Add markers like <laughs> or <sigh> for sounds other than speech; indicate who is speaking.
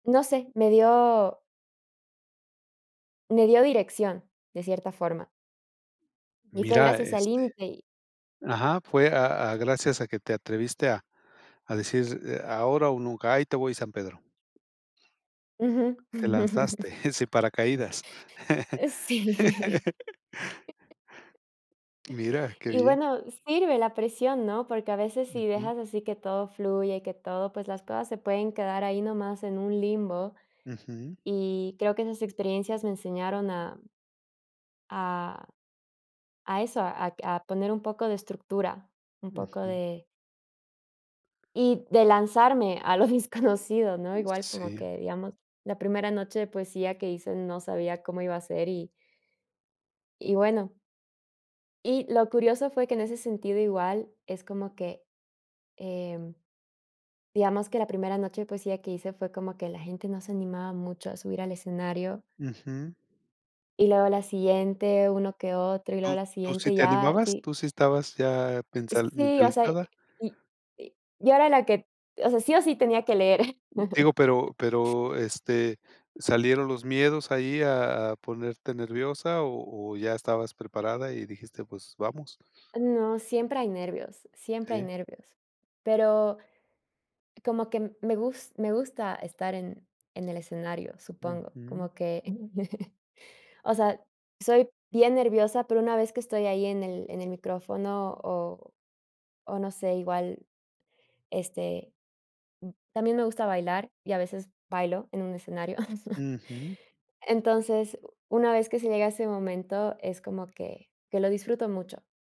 Speaker 1: No sé, me dio me dio dirección, de cierta forma. Y fue
Speaker 2: Mira,
Speaker 1: gracias al
Speaker 2: este,
Speaker 1: límite y
Speaker 2: ajá, fue a a gracias a que te atreviste a a decir, eh: "Ahora o nunca, ahí te voy, San Pedro".
Speaker 1: Ujú.
Speaker 2: Te
Speaker 1: <chuckles>
Speaker 2: lanzaste, eh, sin paracaídas.
Speaker 1: Eh, Sí. <laughs>
Speaker 2: <laughs> Mira, qué
Speaker 1: Y
Speaker 2: bien.
Speaker 1: bueno, sirve la presión, ¿no? Porque a veces si
Speaker 2: Ujú.
Speaker 1: dejas así que todo fluye, que todo, pues las cosas se pueden quedar ahí nomás en un limbo,
Speaker 2: Ujú.
Speaker 1: y creo que esas experiencias me enseñaron a a a eso, ac a poner un poco de estructura, un poco
Speaker 2: Ujú.
Speaker 1: de Y de lanzarme a lo desconocido, ¿no?
Speaker 2: Mm,
Speaker 1: Igual, como
Speaker 2: sí.
Speaker 1: que, digamos, la primera noche de poesía que hice no sabía cómo iba a ser, y y bueno. Y lo curioso fue que en ese sentido, igual, es como que, em, digamos que la primera noche de poesía que hice fue como que la gente no se animaba mucho a subir al escenario
Speaker 2: Ujú.
Speaker 1: y luego la siguiente, uno que otro, y luego
Speaker 2: ¿Tú
Speaker 1: la
Speaker 2: tu sí
Speaker 1: siguiente,
Speaker 2: te
Speaker 1: ya,
Speaker 2: animabas?
Speaker 1: sí.
Speaker 2: ¿Tú sí estabas ya pensal
Speaker 1: Sí, o sea,
Speaker 2: mentalizada?
Speaker 1: y y yo era la que, o sea, sí o sí tenía que leer. <chuckles>
Speaker 2: Digo, pero pero, este, ¿salieron los miedos ahí a a ponerte nerviosa? o o ya estabas preparada y dijiste: "Pues, vamos".
Speaker 1: No, siempre hay nervios, siempre hay
Speaker 2: Sí.
Speaker 1: nervios, pero como que me gus me gusta estar en en el escenario, supongo,
Speaker 2: Ujú.
Speaker 1: como que, <chuckles> o sea, soy bien nerviosa, pero una vez que estoy ahí en el en el micrófono, o o no sé, igual este, también me gusta bailar y a veces bailo en un escenario. <chuckles>
Speaker 2: Ujú.
Speaker 1: Entonces, una vez que se llega ese momento, es como que que lo disfruto mucho.